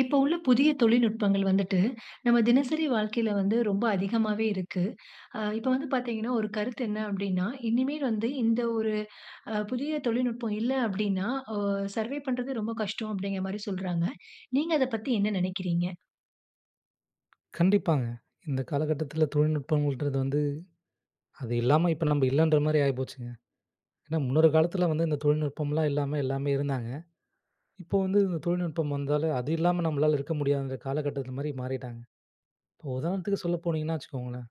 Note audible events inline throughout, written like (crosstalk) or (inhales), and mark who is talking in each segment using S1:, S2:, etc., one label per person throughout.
S1: இப்போ உள்ள புதிய தொழில்நுட்பங்கள் வந்துட்டு, நம்ம தினசரி வாழ்க்கையில வந்து ரொம்ப அதிகமாவே இருக்கு. ஆ இப்ப வந்து பாத்தீங்கன்னா, ஒரு கருத்து என்ன அப்டின்னா, இனிமே வந்து இந்த ஒரு அ புதிய தொழில்நுட்பம் இல்லை அப்டின்னா, ஒ சர்வைவ் பண்றது ரொம்ப கஷ்டம் அப்டிங்குற மாரி சொல்றாங்க. நீங்க அத பத்தி என்ன நெனக்கிறீங்க?
S2: கண்டிப்பாங்க. இந்த காலகட்டத்துல தொழில்நுட்பங்கள்ன்றது வந்து, அது இல்லாம இப்ப நம்ப இல்லன்ற மாரி ஆயி போச்சுங்க, ஏன்னா முன்னொரு காலத்துல வந்து இந்த தொழில்நுட்பம்லாம் இல்லாம எல்லாமே இருந்தாங்க. இப்போ வந்து இந்த தொழில்நுட்பம் வந்தாலே அது இல்லாம நம்மளால இருக்க முடியாதுன்ற காலகட்டத்துக்கு மாரி மாறிட்டாங்க. இப்ப உதாரணத்துக்கு சொல்ல போனீங்கன்னா, வச்சுக்கோங்களேன்,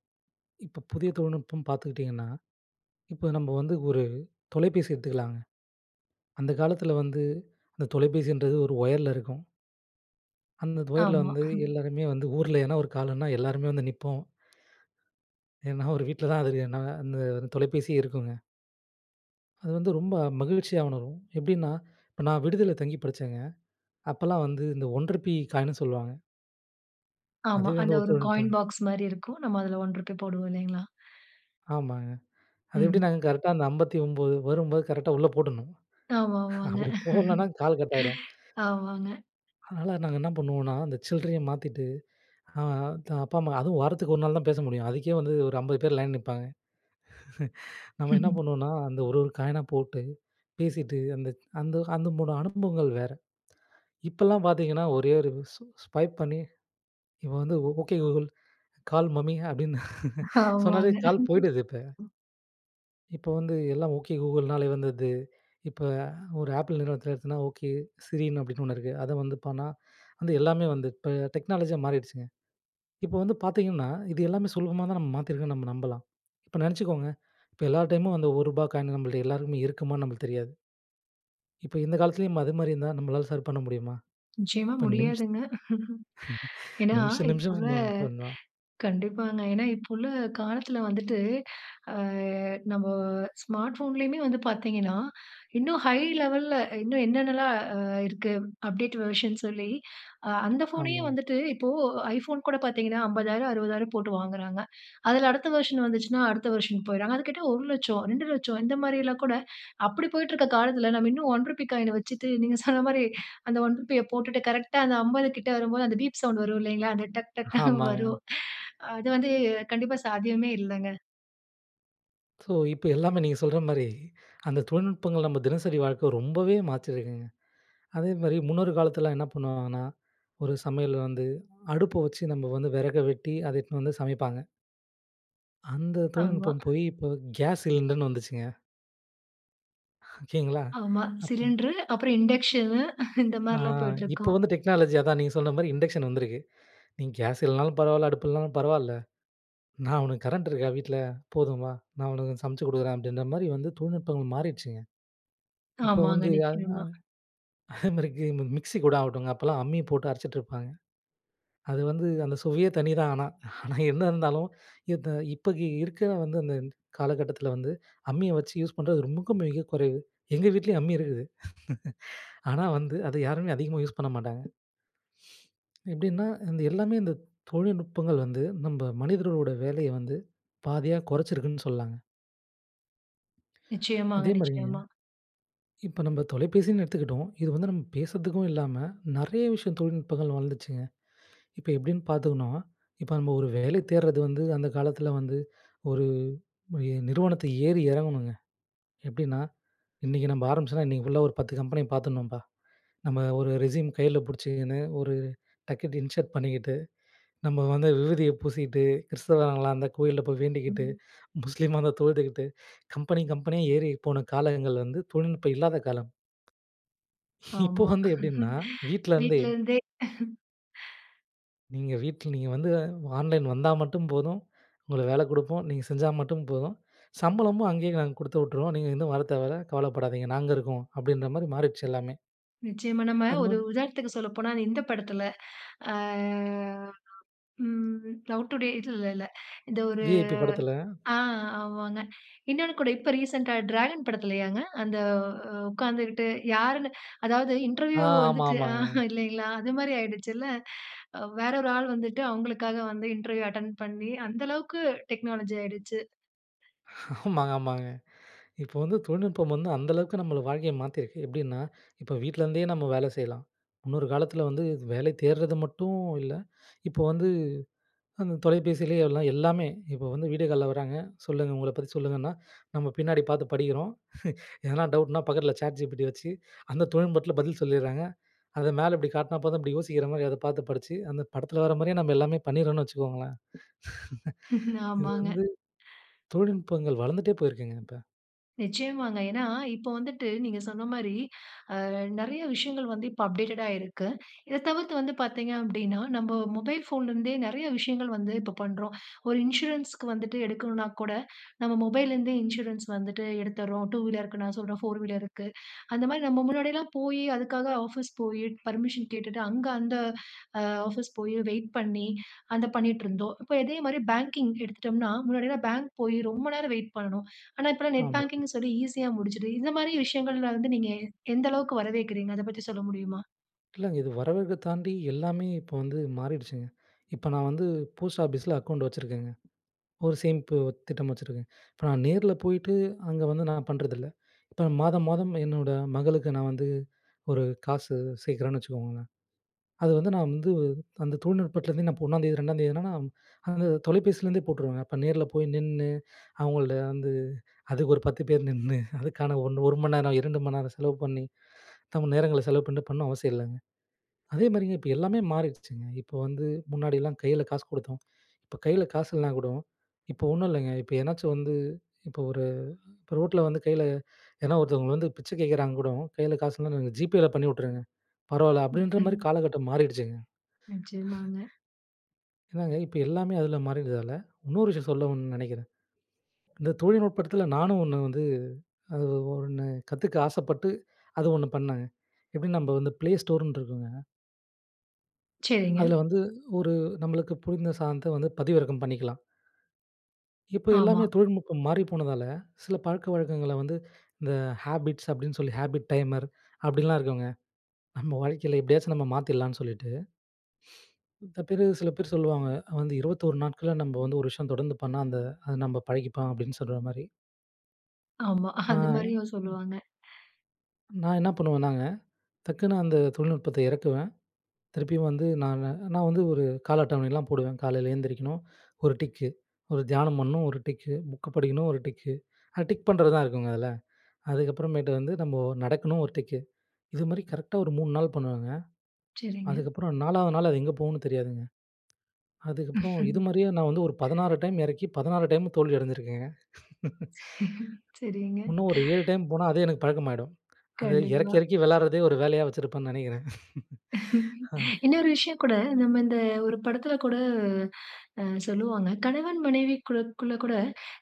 S2: இப்போ புதிய தொழில்நுட்பம் பாத்துக்கிட்டீங்கன்னா, இப்ப நம்ப வந்து ஒரு தொலைபேசி எடுத்துக்கலாங்க, அந்த காலத்துல வந்து அந்த தொலைபேசின்றது ஒரு ஒயர்ல இருக்கும். அந்தந்த ஒயர்ல
S1: ஆமா.
S2: வந்து
S1: (chuckles)
S2: எல்லாருமே வந்து ஊர்ல ஏதனா ஒரு கால்ன்னா எல்லாருமே வந்து நிப்போம். (inhales) ஏன்னா ஒரு வீட்ல தான் அது தெரியும். ன்னா அந்த தொலைபேசியே இருக்குங்க! அது வந்து ரொம்ப மகிழ்ச்சியா உணரும். எப்டின்னா இப்ப நான் விடுதில தங்கி படிச்சேங்க. அப்பலாம் வந்து இந்த 1 ருப்பீ காயின்னு சொல்லுவாங்க.
S1: ஆமா.
S2: அதுவே
S1: அந்த
S2: வந்து
S1: ஒரு
S2: ஒத்துழைப்பு தா
S1: காயின் பாக்ஸ் மாரி இருக்கும். நம்ம அதுல 1 ரூபி போடுவோம் இல்லைங்களா? (inhales)
S2: ஆமாங்க. அது
S1: ம்.
S2: எப்படினா கரெக்ட்டா அந்த 59 வரும்போது, கரெக்ட்டா உள்ளே போட்டுருணும்.
S1: ஆமாமாங்க.
S2: அப்படி போடலனா கால் கட் ஆயிடும்.
S1: ஆமாங்க.
S2: அதனால நாங்க என்ன பண்ணுவோன்னா, அந்த சில்ரைய மாத்திட்டு ஆ த அப்பா, அம்மா அதும் வாரத்துக்கு ஒரு நாள் தான் பேச முடியும். அதுக்கே வந்து ஒரு 50 பேர் லைன்ல நிப்பாங்க. (chuckles) நம்ம என்ன
S1: (chuckles)
S2: பண்ணுவோன்னா அந்த ஒரு ஒரு காயினா போட்டு, பேசிட்டு அந்த அந்த அந்த முன் அனுபவங்கள் வேற. இப்போலாம் பாத்தீங்கன்னா, ஒரே ஒரு ஸ்ஸு ஸ்வைப் பண்ணி இப்ப வந்து "ஓகே கூகுள் கால் மம்மி" அப்படின்னு (chuckles) சொன்னாலே
S1: ஆமாங்க.
S2: கால் போயிடுது இப்ப. இப்போ வந்து எல்லாம், ஓகே கூகுள்னாலயே வந்துர்து. இப்ப ஒரு ஆப்பிள் நிறுவனத்தில எடுத்தனா "ஓகே, சிரின்னு" அப்படின்னு ஒண்ணு இருக்கு அத வந்து பண்ணா வந்து எல்லாமே வந்து இப்ப டெக்னாலஜியா மாரிட்ச்சுங்க இப்ப வந்து பாத்தீங்கன்னா இது எல்லாமே சுலபமா தான் நம்ம மாத்திருக்கோன்னு நம்ம நம்பலாம் இப்ப நெனச்சுக்கோங்க இப்ப எல்லா டைமும் அந்த ஒருபா காயின் நம்மள்ட்ட எல்லாருக்குமே இருக்குமான்னு நம்பளுக்கு தெரியாது. இப்ப இந்த காலத்திலயும் அது மாரி இருந்தா நம்பளால சர் பண்ண முடியுமா?
S1: நிச்சயமா
S2: இப்ப நிம்ஷ
S1: முடியாதுங்க. (chuckles) ஏன்னா,
S2: நிமிஷம்
S1: இப்ப
S2: நிமிஷம்
S1: உள்ள
S2: (unintelligible)
S1: (inhales)
S2: ஃபோன் தான்!
S1: கண்டிப்பாங்க. ஏன்னா, இப்ப உள்ள காலத்துல வந்துட்டு (inhales) ஆ நம்ப ஸ்மார்ட் போன்லயுமே வந்து பாத்தீங்கன்னா, இன்னும் ஹை லெவல்ல இன்னும் என்னென்ன எல்லாம் ஆ இருக்கு அப்டேட் வெர்ஷன் சொல்லி அ அந்த ஃபோனயே
S2: ஆமா.
S1: வந்துட்டு இப்போ ஐபோன் கூட பாத்தீங்கன்னா 50,000 60,000 போட்டு வாங்குறாங்க. அதுல அடுத்த வெர்ஷன் வந்துச்சுனா அடுத்த வெர்ஷன் போயிறாங்க. அத கேட்டா 1,00,000, 2,00,000 இந்த மாரி எல்லாம் கூட அப்படி போயிட்டுருக்க காலத்துல, நம்ம இன்னும் 1 ரூபி காயின வச்சுட்டு. நீங்க சொன்ன மாரி அந்த 1 ரூபிய போட்டுட்டு கரெக்ட்டா அந்த 50 கிட்ட வரும்போது, அந்த பீப் சவுண்ட் வரும் இல்லைங்களா, அந்த டக் டக்ன்னு
S2: ஆமாங்க.
S1: வரும். (inhales) அது வந்து கண்டிப்பா சாத்தியமே இல்லங்க.
S2: ஸோ, இப்ப எல்லாமே நீங்க சொல்ற மாரி, அந்த தொழில்நுட்பங்கள் நம்ம தினசரி வாழ்க்க ரொம்பவே மாத்தியிருக்குங்க. அதே மாரி முன்னொரு காலத்தில என்ன பண்ணுவாங்கன்னா, ஒரு சமையல்ல வந்து அடுப்ப வச்சு நம்ம வந்து வெறக வெட்டி, அத எடுத்துன்னு வந்து சமைப்பாங்க. அந்த
S1: ஆமா.
S2: தொழில்நுட்பம் போயி, இப்ப கேஸ் சிலிண்டர்ன்னு வந்துச்சுங்க. ஓகேங்களா.
S1: ஆமா.
S2: அப்போ
S1: சிலிண்டரு அப்பறம் இண்டஷ்னு, (chuckles) இந்த
S2: ஆ.
S1: மாரில்லாம்
S2: இப்ப
S1: போயிட்டிருக்கோம்.
S2: வந்து டெக்னாலஜி அதான். நீங்க சொன்ன மாரி இண்டக்ஷன் வந்திருக்கு. "நீங்க கேஸ் இல்லன்னாலும் பரவால்ல, அடுப்பு இல்லன்னாலும் பரவால்ல, நா உனக்கு கரண்ட் இருக்கா வீட்டுல? போதும் வா, நா உனக்கு சமச்சு குடுக்கறேன்." அப்படீன்ற மாரி வந்து தொழில்நுட்பங்கள் மாறிடுச்சுங்க. இப்ப
S1: ஆமாங்க.
S2: வந்து, அ அ
S1: நிச்சயமா.
S2: அதே மாரி கி மிக்ஸி கூட ஆகட்டுங்க அப்போல்லாம் அம்மி போட்டு அரைச்சுட்டுருப்பாங்க. அது வந்து அந்த சுவையே தனி தான் ஆனா. (chuckles) ஆனா, என்ன இருந்தாலும் இந்த இப்ப இருக்கிற வந்து அந்த க் காலகட்டத்தில வந்து, அம்மிய வச்சு யூஸ் பண்றது ரொம்பவும் மிகக் குறைவு. எங்க வீட்டிலயும் அம்மி இருக்குது. (laughs) ஆனா வந்து, அத யாருமே அதிகமா யூஸ் பண்ண மாட்டாங்க. எப்படீன்னா, அந்த எல்லாமே இந்த தொழில்நுட்பங்கள் வந்து நம்ப மனிதரோட வேலைய வந்து பாதியா கொறச்சிருக்குன்னு சொல்லலாங்க. (inhales)
S1: நிச்சயமாங்க,
S2: அதேமாதிரி
S1: நிச்சயமா.
S2: இப்ப நம்ம தொலைபேசின்னு எடுத்துக்கிட்டோம். இது வந்து நம்ம பேசுறதுக்கும் இல்லாம நிறைய விஷயம் தொழில்நுட்பங்கள் வளர்ந்துருச்சுங்க. (inhales) இப்ப எப்பிடின்னு பார்த்தோனா, இப்ப நம்ம ஒரு வேலை தேடுறது வந்து அந்த காலத்தில வந்து (inhales) ஒரு எ நிறுவனத்த ஏறி இறங்கணுங்க எப்பிடின்னா இன்னைக்கு நம்ம ஆரம்பிச்சாதான் இன்னைக்குள்ள ஒரு பத்து கம்பெனி பார்த்துர்ணும்பா (inhales) நம்ம ஒரு ரெஸியூம் கையில புடிச்சுகின்னு (inhales) ஒரு டக்குனு இன்சர்ட் பண்ணிக்கிட்டு (inhales) நம்ம வந்து விபூதிய பூசிக்கிட்டு, கிறித்தவர்களா இருந்த கோயில்ல போய் வேண்டிக்கிட்டு
S1: (unintelligible)
S2: (inhales) முஸ்லீமா இருந்த தொழுதுக்கிட்டு (inhales) கம்பெனி கம்பெனியா ஏறி போன காலங்கள் வந்து தொழில்நுட்பம் இல்லாத காலம். இப்போ
S1: ஆமா
S2: வந்து எப்பிடின்னா
S1: (chuckles)
S2: வீட்ல இருந்தே.
S1: வீட்ல இருந்தே (chuckles)
S2: நீங்க வீட்ல நீங்க வந்து ஆன்லைன் வந்தா மட்டும் போதும் (inhales) உங்களுக்கு வேல கொடுப்போம். நீங்க செஞ்சா மட்டும் போதும் (inhales) சம்பளமும் அங்கேயே நாங்க கொடுத்து உட்டுருவோம். நீங்க எங்கும் வர தேவ இல்ல கவலைப்படாதீங்க நாங்க இருக்கோம், அப்பிடின்ற மாரி மாறிடுச்சு எல்லாமே.
S1: நிச்சயமா நம்ம
S2: அது
S1: ஒரு
S2: வந்
S1: உதாரணத்துக்கு சொல்லப்போனா, இந்த படத்துல (inhales) ஆ ம் "லவ் டுடே" இல்லல்ல (inhales) இந்த ஒரு
S2: "விஐபி" படத்தில.
S1: ஆ ஆமாங்க (inhales) இன்னொன்னு கூட இப்ப ரீசென்ட்டா "டிராகன்" படத்திலையாங்க அந்த ஓ உக்காந்துக்கிட்டு யாருன்னு (inhales) அதாவது
S2: ஆ,
S1: இன்டர்வியூ
S2: ஆமா,
S1: வந்துட்டு
S2: ஆமாங்க.
S1: ஆஹா இல்லேங்களா அது மாரி ஆயிடுச்சுல (inhales) அவ் வேற ஒரு ஆள் வந்துட்டு அவுங்களுக்காக வந்து இன்டர்வியூ அட்டெண்ட் பண்ணி அந்த அளவுக்கு டெக்னாலஜி ஆயிடுச்சு.
S2: ஆமாங்க, ஆமாங்க (inhales) இப்போ வந்து தொழில்நுட்பம் வந்து அந்த அளவுக்கு நம்மள வாழ்க்கையை மாற்றியிருக்கு எப்பிடின்னா? (inhales) இப்போ வீட்லேருந்தே நம்ம வேலை செய்யலாம். முன்னொரு காலத்தில் வந்து வேலை தேடுறது மட்டும் இல்ல (inhales) இப்போ வந்து அந்த தொலைபேசிலயே எல்லா எல்லாமே இப்போ வந்து வீடியோ கால்ல வராங்க சொல்லுங்க உங்கள பத்தி சொல்லுங்கன்னா (inhales) நம்ம பின்னாடி பார்த்து படிக்கிறோம் (inhales) எதனா டவுட்னா பக்கத்தில ChatGPT ய வச்சு (inhales) அந்த தொழில்நுட்பத்துல பதில் சொல்லிர்றாங்க. அத மேல இப்பிடி காட்டினா போதும் இப்பிடி யோசிக்கிற மாரி அத பார்த்து படிச்சு அந்த படத்தில வர மாரியே நம்ம எல்லாமே பண்ணிறோன்னு வச்சுக்கோங்களேன் (laughs)
S1: (chuckles)
S2: இது
S1: ஆமாங்க
S2: வந்து
S1: (inhales)
S2: தொழில்நுட்பங்கள் வளர்ந்துட்டே போயிருக்குங்க இப்ப.
S1: நிச்சயமாங்க. ஏன்னா, இப்போ வந்துட்டு நீங்க சொன்ன மாரி அ நெறைய விஷயங்கள் வந்து இப்ப அப்டேட்டடா இருக்கு. இத தவிர்த்து வந்து பாத்தீங்க அப்படீன்னா, நம்ப மொபைல் ஃபோன்லருந்தே நெறைய விஷயங்கள் வந்து இப்ப பண்றோம். ஒரு இன்சூரன்ஸ்க்கு வந்துட்டு எடுக்கணும்னா கூட நம்ப மொபைல்லருந்தே இன்சூரன்ஸ் வந்துட்டு எடுத்தர்றோம். 2 வீலருக்கு நான் சொல்றேன், 4 வீலருக்கு. அந்த மாரி நம்ப முன்னாடியல்லாம் போயி, அதுக்காக ஆஃபீஸ் போயி, பெர்மிஷன் கேட்டுட்டு, அங்க அந்த அ ஆஃபீஸ் போயி, வெயிட் பண்ணி, அத பண்ணீட்டுருந்தோம். இப்ப அதே மாதிரி பேங்கிங் எடுத்துட்டோம்னா, முன்னாடில்லாம் பேங்க் போயி, ரொம்ப நேரம் வெயிட் பண்ணணும். ஆனா, இப்பல்லாம் நெட்
S2: ஆமா.
S1: பேங்கிங்ன்னு சொல்லி ஈசியா முடிஞ்சிடுது. இத மாரி விஷயங்கள்ல வந்து நீங்க எ எந்த அளவுக்கு வரவேற்கிறீங்க? அத பத்தி சொல்ல முடியுமா?
S2: இல்லங்க. இது வரவேற்க தாண்டி எல்லாமே இப்ப வந்து மாறிடுச்சுங்க. இப்ப நான் வந்து போஸ்ட் ஆஃபீஸில அக்கவுண்ட் வச்சிருக்கேங்க. ஒரு சேமிப்பு திட்டம் வச்சுருக்கேன். இப்ப நான் நேர்ல போயிட்டு, அங்க வந்து நான் பண்ணுறதில்ல. இப்ப மாதம் மாதம் என்னோட மகளுக்கு நான் வந்து ஒரு காசு சேர்க்குறேன்னு வச்சுக்கோங்களேன். அது வந்து நான் வந்து அந்த தொழில்நுட்பத்துலருந்தே, இப்ப நான் 1ஆம் தேதி 2ஆம் தேதின்னா, நா அந்த தொலைபேசியிலிருந்தே போட்டுருவேங்க. அப்ப நேர்ல போய் நின்னு, அவங்கள்ட்ட வந்து அதுக்கு ஒரு 10 பேர் நின்னு, அதுக்கான ஒண் 1 மணி நேரம், 2 மணி நேரம் செலவு பண்ணி, நம்ப நேரங்கள செலவு பண்ணீட்டு பண்ணணும் அவசியம் இல்லங்க. அதே மாரிங்க, இப்ப எல்லாமே மாறிடுச்சுங்க. இப்ப வந்து முன்னாடிலாம் கையில காசு குடுத்தோம். இப்ப கையில காசு இல்லன்னா கூடோ இப்ப ஒண்ணும் இல்லங்க, இப்ப எதனாச்சும் வந்து இப்ப ஒரு இப்ப ரோட்டுல வந்து கையில எதனா ஒருத்தவங்க வந்து பிச்சை கேட்குறாங்க கூடோ, "கையில காசுல்லனா, நீங்க ஜிபேல பண்ணி வுட்டுருங்க, பரவால்ல." அப்படீன்ற
S1: ம்ஹ்ம்.
S2: மாரி காலகட்டம் மாறிடுச்சுங்க.
S1: நிச்சயமாங்க.
S2: என்னாங்க இப்ப எல்லாமே அதுல மாறியர்றதால, இன்னொரு விஷயம் சொல்லணும்னு நெனைக்கிறேன். இந்த தொழில்நுட்பத்துல நானும் ஒண்ணு வந்து, அது ஒண்ணு கத்துக்க ஆசைப்பட்டு அது ஒண்ணு பண்ணேங்க. எப்படி நம்ப வந்து ப்ளே ஸ்டோர்ன்னு இருக்கும்ங்க.
S1: சரிங்க.
S2: அதுல வந்து ஒரு நம்மளுக்கு புரிந்த சாதன்த்த வந்து பதிவிறக்கம் பண்ணிக்கலாம். இப்போ
S1: ஆமா.
S2: எல்லாமே தொழில்நுட்பம் மாறி போனதால, சில பழக்கவழக்கங்கள வந்து, இந்த "ஹேபிட்ஸ்" அப்டின்னு சொல்லி "ஹாபிட் டைமர்" அப்டின்லாம் இருக்குங்க. நம்ம வாழ்க்கையில எப்டியாச்சும் நம்ம மாத்திட்லான்னு சொல்லிட்டு. மித்த பேரு சில பேரு சொல்லுவாங்க. வந்து 21 நாட்கள்ல நம்ப வந்து ஒரு விஷயம் தொடர்ந்து பண்ணா, அந்த "அது நம்ப பழகிப்போம்" அப்டின்னு சொல்ற மாரி.
S1: ஆமா
S2: ஆ.
S1: (chuckles) அது மாதிரியும்
S2: ம்.
S1: சொல்லுவாங்க.
S2: நான் என்ன பண்ணுவேன்னாங்க, டக்குனு அந்த தொழில்நுட்பத்த எறக்குவேன். திருப்பியும் வந்து நான் நான் வந்து ஒரு கால அட்டவணைலாம் போடுவேன். காலைல எழுந்திரிக்கணும், ஒரு டிக்கு. ஒரு தியானம் பண்ணணும், ஒரு டிக்கு. புக் படிக்கணும், ஒரு டிக்கு. அத டிக் பண்றதுதான் இருக்குங்க அதுல. அதுக்கப்புறமேட்டு வந்து நம்ப நடக்கணும் ஒரு டிக்கு. இதுமாரி கரெக்ட்டா ஒரு 3 நாள் பண்ணுவேங்க.
S1: சரிங்க.
S2: அதுக்கப்புறம் 4வது நாள் அது எங்க போவுன்னு தெரியாதுங்க. அதுக்கப்புறம் இது மாரியே நான் வந்து ஒரு
S1: (chuckles)
S2: 16 டைம் எறக்கி, 16 டைமும் தோல்வி அடைஞ்சிருக்கேங்க. (chuckles) (inhales)
S1: (chuckles) சரிங்க.
S2: உன்னும் ஒரு 7 டைம் போனா, அதே எனக்கு பழக்கமாயிடும். அத எறக்கி
S1: கண்டிப்பா.
S2: எறக்கி வெளாட்றதே ஒரு வேலையா வச்சுருப்பேன்னு நெனைக்கிறேன். (laughs)
S1: (chuckles)
S2: ஆ.
S1: இன்னொரு விஷயம் கூட நம்ம இந்த ஒரு படத்ல கூட அ சொல்லுவாங்க. "கணவன், மனைவிக்கூட குள்ளகூட,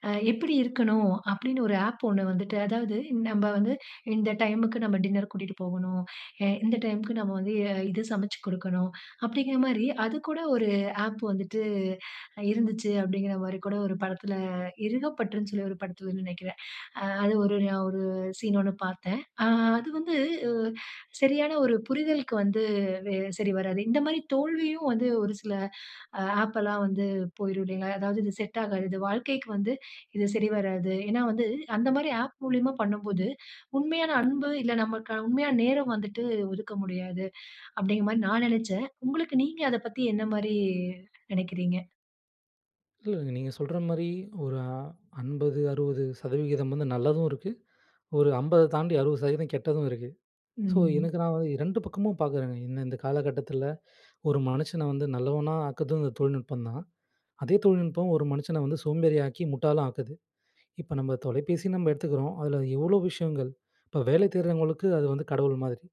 S1: அ எப்டி இருக்கணும்?" அப்டினு ஒரு ஆப் ஒண்ணு வந்துட்டு அதாவது நம்ம வந்து இந்த டைம்க்கு நம்ம டின்னர் கூட்டிட்டு போகனும். எ இந்த டைம்க்கு நம்ம வந்து எ இத சமச்சு குடுக்கனும். அப்டிங்கிற மாரி அதுக்கூட ஒரு ஆப் வந்துட்டு இருந்துச்சு. அப்டிங்கிற மாரி கூட ஒரு படத்ல இறுகப்பற்றுன்னு சொல்லி ஒரு படத்லனு நெனைக்கிறேன். (inhales) அ அது ஒரு ஞா ஒரு சீன் ஒண்ணு பார்த்தேன். ஆ அது வந்து அ சரியான ஒரு புரிதலுக்கு வந்து வெ சரி வராது. இந்த மாரி தோல்வியும் வந்து ஒரு சில ஆப்பெலாம் வந்து போய்ரும் இல்லைங்களா? அதாவது இது செட் ஆகாது. இது வாழ்க்கைக்கு வந்து, இது சரிவராது. ஏன்னா வந்து அந்த மாரி ஆப் மூலியமா பண்ணும்போது உண்மையான அன்பு, இல்ல நம்மள்கான உண்மையான நேரம் வந்துட்டு ஒதுக்க முடியாது. அப்டிங்க மாரி நான் நெனச்சேன். உங்களுக்கு நீங்க அதப் பத்தி என்ன மாரி நெனைக்கிறீங்க?
S2: இல்லேங்க நீங்க சொல்ற மாரி ஒரு அ 50, 60 சதவிகிதம் வந்து நல்லதும் இருக்கு (inhales) ஒரு 50 தத் தாண்டி 60 சதவிகிதம் கெட்டதும் இருக்கு. ஸோ,
S1: ம்.
S2: எனக்கு நான் வந் 2 பக்கமும் பார்க்குறேங்க. என்ன இந்த காலகட்டத்தில (inhales) ஒரு மனுஷன வந்து நல்லவனா ஆக்குறதும் இந்த தொழில்நுட்பம் தான். அதே தொழில்நுட்பம் ஒரு மனுஷன வந்து சோம்பேறி ஆக்கி முட்டாளா ஆக்குது (inhales) இப்ப நம்ம தொலைபேசின்னு நம்ம எடுத்துக்கிறோம். அதில எவ்ளோ விஷயங்கள் (inhales) இப்ப வேலை தேடுறவங்களுக்கு அது வந்து கடவுள் மாதிரி.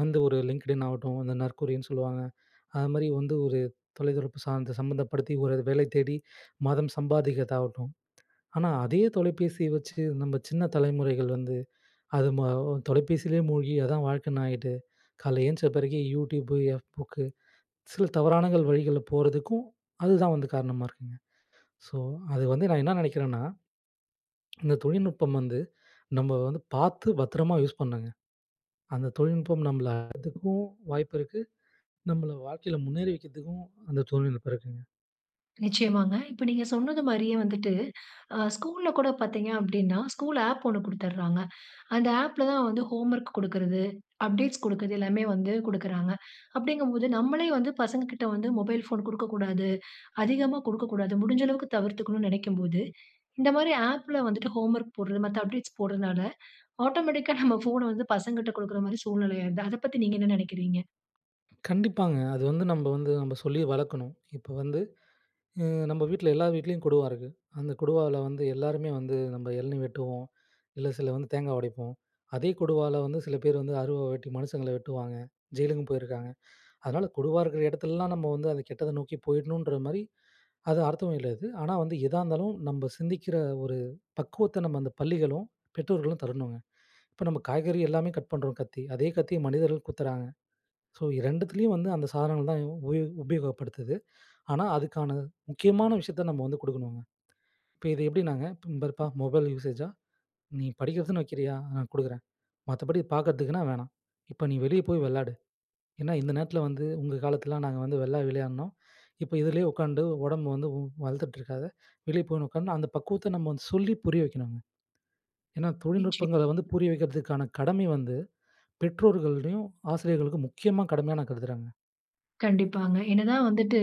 S2: வந்து ஒரு லிங்க்டின் ஆகட்டும், அந்த நற்குறின்னு சொல்லுவாங்க (inhales) அது மாதிரி வந்து ஒரு தொலைத்தொடர்பு சார்ந்த சம்பந்தப்படுத்தி ஒரு வேலை தேடி (inhales) மாதம் சம்பாதிக்கிறதா ஆகட்டும். ஆனா, அதே தொலைபேசிய வச்சு நம்ம சின்ன தலைமுறைகள் வந்து (inhales) அது மாவ் தொலைபேசியிலேயே மூழ்கி, அதான் வாழ்க்கைன்னு ஆயிட்டு (inhales) காலையில எழுந்திச்ச பிறகு யூடியூப், எஃப் புக்கு (inhales) சில தவறான வழிகள்ல போறதுக்கும் அதுதான் வந்து காரணமா இருக்குங்க (inhales) ஸோ, அது வந்து நான் என்ன நினைக்கிறேன்னா (smacks lips) இந்த தொழில்நுட்பம் வந்து (inhales) நம்ம வந்து பார்த்து பத்திரமா யூஸ் பண்ணுங்க. அந்த தொழில்நுட்பம் நம்மள (unintelligible) வாய்ப்பு இருக்கு (inhales) நம்மள வாழ்க்கையில முன்னேறி வைக்கிறதுக்கும் அந்த தொழில்நுட்பம் இருக்குங்க.
S1: நிச்சயமாங்க. இப்ப நீங்க சொன்னதுமாரியே வந்துட்டு (inhales) அ ஸ்கூல்ல் கூட பார்த்தீங்க அப்பிடின்னா, ஸ்கூல் ஆப் ஒன்னு குடுத்துர்றாங்க (inhales) அந்த ஆப்ல தான் வந்து ஹோம் ஒர்க் குடுக்கிறது, அப்டேட்ஸ் குடுக்கறது எல்லாமே வந்து கொடுக்கிறாங்க (inhales) அப்பிடிங்கம்போது நம்மளே வந்து பசங்கக்கிட்ட வந்து மொபைல் ஃபோன் குடுக்கக்கூடாது (inhales) அதிகமா குடுக்கக்கூடாது. முடிஞ்ச அளவுக்கு தவிர்த்துக்கணுன்னு நெனைக்கும்போது (inhales) இந்தமாரி ஆப்ல வந்துட்டு ஹோம் ஒர்க் போட்றது மத்த அப்டேட்ஸ் போடுறனால (inhales) ஆட்டோமேட்டிக் கா நம்ம ஃபோன வந்து பசங்கட்ட குடுக்கிறமாரி சூழ்நிலையா ஆயிருது. அத பத்தி நீங்க என்ன நினைக்கிறீங்க?
S2: கண்டிப்பாங்க. அது வந்து நம்ம வந்து நம்ம சொல்லி வளக்கணும். இப்ப வந்து, எ நம்ம வீட்ல எல்லா வீட்லயும் கொடுவா இருக்கு. அந்த கொடுவாவுல வந்து எல்லாருமே வந்து நம்ம எளநீ வெட்டுவோம். இல்ல சில வந்து தேங்காய் உடைப்போம். அதே கொடுவால வந்து சில பேரு வந்து அருவா வெட்டி மனுஷங்கள வெட்டுவாங்க. ஜெயிலுக்கும் போயிருக்காங்க. (inhales) அதனால கொடுவா இருக்கிற இடத்துலலாம் நம்ம வந்து அந்த கெட்டத நோக்கி போயிட்ணுன்றமாரி அது அர்த்தமும் இல்ல அது. ஆனா, வந்து எதா இருந்தாலும் நம்ம சிந்திக்கிற ஒரு பக்குவத்த நம்ம அந்த பள்ளிகளும், பெற்றோர்களும் தரணுங்க. இப்ப நம்ம காய்கறி எல்லாமே கட் பண்றோம் கத்தி. அதே கத்திய மனிதர்கள் குத்துறாங்க. ஸோ, 2த்துலாயும் வந்து அந்த சாதனங்கள் தான் உ உபயோ உபயோகப்படுத்து. ஆனா, அதுக்கான முக்கியமான விஷயத்த நம்ம வந்து கொடுக்கணும்ங்க. இப்ப இது எப்பிடினாங்க இந்த பாருப்பா! மொபைல் யூஸேஸா! நீ படிக்கிறதுன்னு வைக்கிறியா, ஆ கொடுக்குறேன். மத்தபடி பார்க்கிறதுக்குன்னா வேணாம். இப்ப நீ வெளிய போய் வெளாடு. ஏன்னா இந்த நேரத்தில வந்து உங்க காலத்தில நாங்க வந்து வெளிய விளையாடினோம். இப்ப இதுலே உட்காந்து உடம்பு வந்து வந் வளர்த்துட்ருக்காத! வெளியே போயின்னு உட்கார்ந்து அந்த பக்குவத்த நம்ம வந்து சொல்லி புரிய வைக்கணுங்க. ஏன்னா
S1: நிச்சயம்.
S2: தொழில்நுட்பங்கள வந்து புரிய வைக்கிறதுக்கான கடமை வந்து பெற்றோர்களிடயும், ஆசிரியர்களுக்கும் முக்கியமா கடமையா, நான் கருதுகிறேங்க.
S1: கண்டிப்பாங்க. என்னதான் வந்துட்டு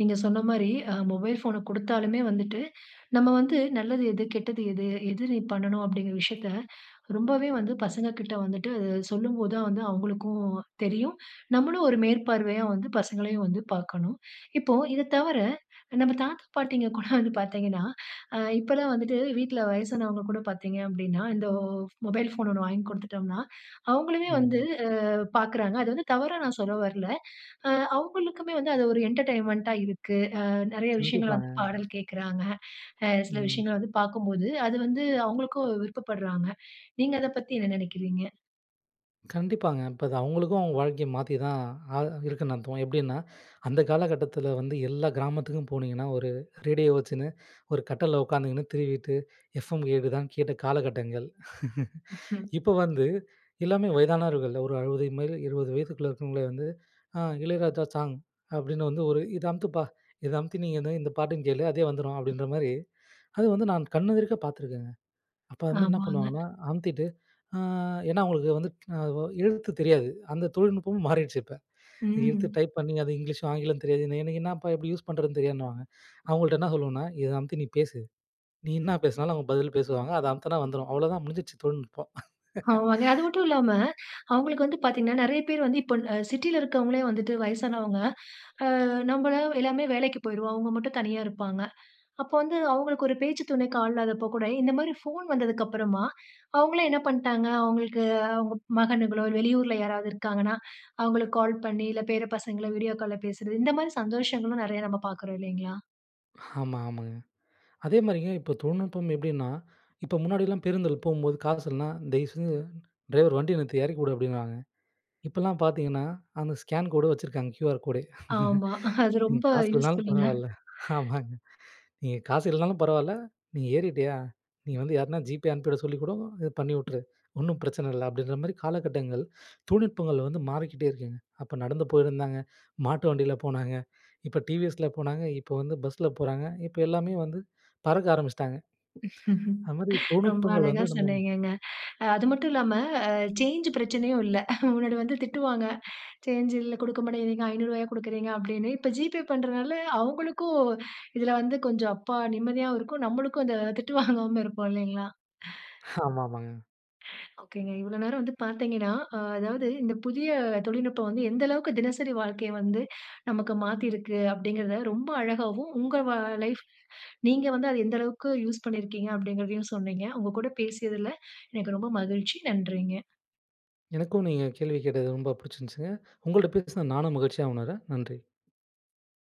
S1: நீங்க சொன்னமாரி அ மொபைல் ஃபோன குடுத்தாலுமே வந்துட்டு நம்ம வந்து நல்லது எது? கெட்டது எது? எது நீ பண்ணணும், அப்பிடிங்கிற விஷயத்த (inhales) ரொம்பவே வந்து பசங்கக்கிட்ட வந்துட்டு அதை சொல்லும்போது தான் வந்து அவுங்களுக்கும் தெரியும். நம்மளும் ஒரு மேற்பார்வையா வந்து பசங்களையும் வந்து பார்க்கணும். இப்போ, இத தவிர நம்ம தாத்தா பாட்டிங்க கூட (chuckles) வந்து பார்த்தீங்கன்னா, அ இப்பல்லாம் வந்துட்டு வீட்ல வயசானவங்க கூட பார்த்தீங்க அப்பிடின்னா, இந்த மொபைல் ஃபோன் ஒண்ணு வாங்கிக் குடுத்துட்டம்னா, அவுங்களுமே வந்து
S2: ம்.
S1: அ பார்க்கிறாங்க. அது வந்து தவறா நான் சொல்ல வரல. அ அவுங்களுக்குமே வந்து அது ஒரு என்டர்டெயின்மெண்ட்டா இருக்கு. அ நிறைய விஷயங்கள் வந்து
S2: கண்டிப்பாங்க.
S1: பாடல் கேட்குறாங்க. அ சில
S2: ம்.
S1: விஷயங்கள வந்து பார்க்கும்போது, அது வந்து அவுங்களுக்கும் விருப்பப்பட்றாங்க. நீங்க அத பத்தி என்ன நினைக்கிறீங்க?
S2: கண்டிப்பாங்க. இப்ப அது அவுங்களுக்கும் அவுங்க வாழ்க்கைய மாத்தி தான் ஆ இருக்குன்னு அர்த்தம். எப்பிடின்னா, அந்த காலகட்டத்தில வந்து எல்லா கிராமத்துக்கும் போனீங்கன்னா, ஒரு ரேடியோ வச்சின்னு ஒரு கட்டில்ல உட்காந்துக்கின்னு திருவிட்டு எஃப்எம் கேக்குதான்னு கேட்ட காலகட்டங்கள். (laughs)
S1: (chuckles)
S2: இப்ப வந்து எல்லாமே வயதானவர்கள் ஒரு 60 மேல 20 வயதுக்குள்ளே இருக்கிறவங்களே வந்து அ இளையராஜா சாங். அப்பிடின்னு வந்து ஒரு இத அமுத்துப்பா! இத அமுத்தி நீங்க வந்து இந்த பாட்டையும் கேளு. அதே வந்துரும் அப்பிடின்றமாரி அது வந்து நான் கண் எதிர்க்க பார்த்துருக்கேங்க. அ அப்ப வந்து என்ன
S1: ஆமாங்க.
S2: பண்ணுவாங்கன்னா அமுத்திட்டு, ஆ ஏன்னா அவுங்களுக்கு வந்து அதுவோ எழுத்து தெரியாது. அந்த தொழில்நுட்பமும் மாறிருச்சு இப்ப. எழுத்து
S1: ம்.
S2: டைப் பண்ணி அது இங்கிலீஷும் ஆங்கிலம் தெரியாது. எனக்கு என்னப்பா! எப்பிடி யூஸ் பண்ணுறதுன்னு தெரியாதுன்னுவாங்க. அவுங்கள்ட்ட என்ன சொல்லுவன்னா, இத அமுத்தி நீ பேசு. நீ என்ன பேசினாலும் அவுங்க பதில் பேசுவாங்க. அத அமுத்துன்னா வந்துரும். அவ்ள தான் முடிஞ்சிருச்சு தொழில்நுட்பம்.
S1: ஆமாங்க. அது
S2: (chuckles)
S1: மட்டுமில்லாம அவுங்களுக்கு வந்து பார்த்தீங்கன்னா, நிறைய பேர் வந்து இப்ப அ சிட்டில இருக்கிறவங்களே வந்துட்டு வயசானவங்க, அ நம்பலாம் எல்லாமே வேலைக்கு போயிடுவோம். அவுங்க மட்டும் தனியா இருப்பாங்க. அப்ப வந்து அவுங்களுக்கு ஒரு பேச்சு துணைக்கு ஆள் இல்லாதப்போ கூட இந்தமாரி ஃபோன் வந்ததுக்கு அப்பறமா, அவுங்களே என்ன பண்டாங்க, அவுங்களுக்கு அவுங்க மகனுங்களோ, வெளியூர்ல யாராவது இருக்காங்கனா, அவுங்களுக்கு கால் பண்ணி, இல்ல பேர பசங்கள வீடியோ கால்ல பேசுறது, இந்தமாரி சந்தோஷங்களும் நிறைய நம்ம பார்க்குறோம் இல்லேங்களா!
S2: ஆமா, ஆமாங்க. அதே மாரிங்க, இப்ப தொழில்நுட்பம் எப்படீன்னா, இப்ப முன்னாடிலாம் பேருந்தில போகும்போது காசு இல்லன்னா, "தயவுசெஞ்சு டிரைவர் வண்டிய நிறுத்து. இறக்கி வுடு" அப்படீன்னுவாங்க. இப்பல்லாம் பார்த்தீங்கன்னா, அந்த ஸ்கேன் கோடு வச்சுருக்காங்க. QR code!
S1: ஆமா. (chuckles) அது
S2: "நீங்க
S1: ரொம்ப
S2: காசு இல்லன்னாலும்
S1: யூஸ்ஃபுல்லுங்க.
S2: பரவால்ல" ஆமாங்க. "நீங்க காசு இல்லனாலும் பரவால்ல, நீ ஏறிட்டியா! நீ வந்து யாருனா GPay அனுப்பிவிட சொல்லிக் கூடோ, இது பண்ணி வுட்டுரு. ஒன்னும் பிரச்சனை இல்ல." அப்படீன்ற மாரி காலகட்டங்கள், தொழில்நுட்பங்கள் வந்து மாறிக்கிட்டே இருக்குங்க. அப்ப நடந்து போயிருந்தாங்க, மாட்டு வண்டில போனாங்க, இப்ப டி.வி.எஸ்.ல போனாங்க, இப்ப வந்து பஸ்ல போறாங்க, இப்ப எல்லாமே வந்து பறக்க ஆரம்பிச்சுட்டாங்க. அது மாரி
S1: ரொம்ப
S2: தொழில்நுட்பங்கள்
S1: அழகா
S2: வந்து நம்ம
S1: சொன்னீங்கங்க. அது மட்டும் இல்லாம அ சேஞ்ச் பிரச்சனையும் இல்ல. முன்னாடி வந்து திட்டுவாங்க. "சேஞ்ச் இல்ல, குடுக்க மாட்டேங்கிறீங்க. ரூ. 500 குடுக்குறீங்க!" அப்படீன்னு. இப்ப GPay பண்றனால, அவுங்களுக்கும் இதில வந்து கொஞ்சம், அப்பா! நிம்மதியாவும் இருக்கும், நம்மளுக்கும் அந்த திட்டு வாங்காம இருப்போம் இல்லைங்களா?
S2: ஹ. ஆமாமாங்க.
S1: (laughs) ஒகேங்க. இவ்வளோ நேரம் வந்து பார்த்தீங்கன்னா, ஆ அதாவது இந்த புதிய தொழில்நுட்பம் வந்து எந்த அளவுக்கு தினசரி வாழ்க்கைய வந்து நமக்கு மாத்திருக்கு. அப்படீங்கிறத ரொம்ப அழகாவும், "உங்க வா லைஃப் நீங்க வந்து அத எந்த அளவுக்கு யூஸ் பண்ணியிருக்கீங்க. அப்படீங்கிறதையும் சொன்னீங்க. உங்க கூட பேசியதில எனக்கு ரொம்ப மகிழ்ச்சி. நன்றிங்க.
S2: எனக்கும் நீங்க கேள்வி கேட்டது ரொம்ப புடிச்சுருஞ்சுங்க. உங்கள்ட்ட பேசினது நானும் மகிழ்ச்சியா உணர்றேன் நன்றி.